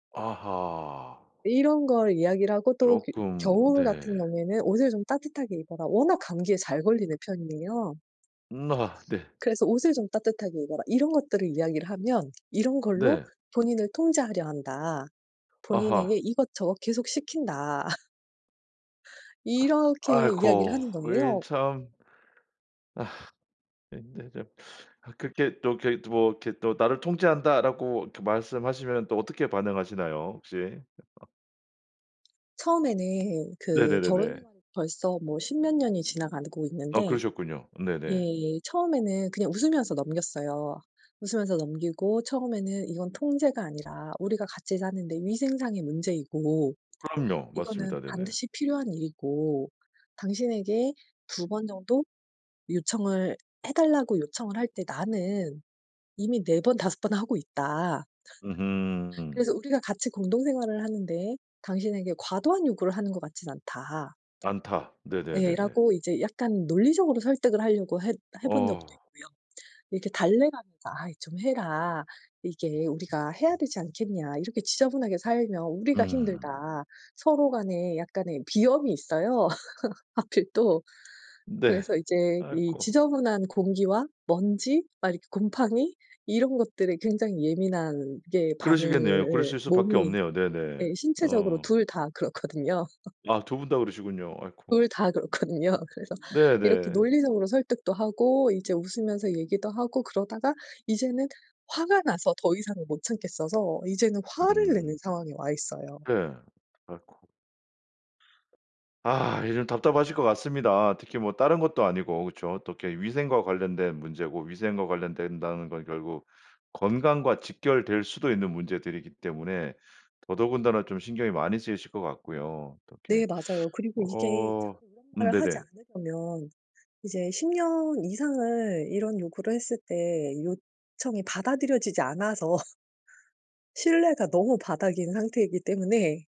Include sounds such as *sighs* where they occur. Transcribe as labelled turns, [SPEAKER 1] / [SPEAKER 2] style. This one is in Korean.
[SPEAKER 1] 아하.
[SPEAKER 2] 이런 걸 이야기를 하고 또 그
[SPEAKER 1] 쪼끔
[SPEAKER 2] 겨울
[SPEAKER 1] 네.
[SPEAKER 2] 같은 경우에는 "옷을 좀 따뜻하게 입어라." 워낙 감기에 잘 걸리는 편이에요.
[SPEAKER 1] 음아. 네.
[SPEAKER 2] 그래서 "옷을 좀 따뜻하게 입어라." 이런 것들을 이야기를 하면 "이런 걸로
[SPEAKER 1] 네.
[SPEAKER 2] 본인을 통제하려 한다. 본인에게
[SPEAKER 1] 아하.
[SPEAKER 2] 이것저것 계속 시킨다." *laughs* 이렇게 이야기를
[SPEAKER 1] 아이코.
[SPEAKER 2] 하는
[SPEAKER 1] 이
[SPEAKER 2] 거예요.
[SPEAKER 1] 참. 아이코. 이 참. *sighs* 근데 좀 아 그렇게 또 이렇게 뭐 이렇게 또 "나를 통제한다."라고 이렇게 말씀하시면 또 어떻게 반응하시나요 혹시? *laughs*
[SPEAKER 2] 처음에는 그 결혼
[SPEAKER 1] 네네네네.
[SPEAKER 2] 생활이 벌써 뭐 10 몇 년이 지나가고
[SPEAKER 1] 아
[SPEAKER 2] 있는데
[SPEAKER 1] 그러셨군요. 네네.
[SPEAKER 2] 예예. 처음에는 그냥 웃으면서 넘겼어요. 웃으면서 넘기고 처음에는 "이건 통제가 아니라 우리가 같이 사는 데 위생상의 문제이고
[SPEAKER 1] 그럼요.
[SPEAKER 2] 이거는
[SPEAKER 1] 맞습니다. 네네.
[SPEAKER 2] 반드시 필요한 일이고 당신에게 2 번 정도 요청을 해 달라고 요청을 할 때 나는 이미 4 번 5 번 하고 있다"
[SPEAKER 1] 으흠.
[SPEAKER 2] "그래서 우리가 같이 공동생활을 하는 데에 당신에게 과도한 요구를 하는 것 같진 않다."
[SPEAKER 1] 않다.
[SPEAKER 2] 예.
[SPEAKER 1] 네네네네.
[SPEAKER 2] 라고 이제 약간 논리적으로 설득을 하려고 해 해본 적도
[SPEAKER 1] 어.
[SPEAKER 2] 있고요. 이렇게 달래 가면서 "아이 좀 해라. 이게 우리가 해야 되지 않겠냐. 이렇게 지저분하게 살면 우리가 힘들다."
[SPEAKER 1] 음.
[SPEAKER 2] 서로 간에 약간의 비염이 있어요. *laughs* 하필 또
[SPEAKER 1] 네.
[SPEAKER 2] 그래서 이제 이
[SPEAKER 1] 아이고.
[SPEAKER 2] 지저분한 공기와 먼지 막 이렇게 곰팡이 이런 것들에 굉장히 예민하게
[SPEAKER 1] 그러시겠네요.
[SPEAKER 2] 반응을
[SPEAKER 1] 그러실 수밖에
[SPEAKER 2] 몸이
[SPEAKER 1] 없네요. 네네
[SPEAKER 2] 예. 신체적으로
[SPEAKER 1] 어.
[SPEAKER 2] 2 다 그렇거든요. *laughs*
[SPEAKER 1] 아 2 분 다 그러시군요. 아이코.
[SPEAKER 2] 둘 다 그렇거든요. 그래서 이렇게
[SPEAKER 1] 네네.
[SPEAKER 2] 논리적으로 설득도 하고 이제 웃으면서 얘기도 하고 그러다가 이제는 화가 나서 더 이상은 못 참겠어서 이제는 화를 내는
[SPEAKER 1] 음.
[SPEAKER 2] 상황에 와 있어요.
[SPEAKER 1] 네. 아이코. 아 이 좀 답답하실 것 같습니다. 특히 뭐 다른 것도 아니고 그렇죠. 어떻게 이렇게 위생과 관련된 문제고 위생과 관련된다는 건 결국 건강과 직결될 수도 있는 문제들이기 때문에 더더군다나 좀 신경이 많이 쓰이실 것 같고요. 어떻게
[SPEAKER 2] 네 맞아요.
[SPEAKER 1] *sucks teeth*
[SPEAKER 2] 그리고 이게
[SPEAKER 1] 어
[SPEAKER 2] 자꾸 이런
[SPEAKER 1] 음
[SPEAKER 2] 말을 하지
[SPEAKER 1] 네네.
[SPEAKER 2] 않으려면 이제 10 년 이상을 이런 요구를 했을 때 요청이 받아들여지지 않아서 신뢰가 너무 바닥인 상태이기 때문에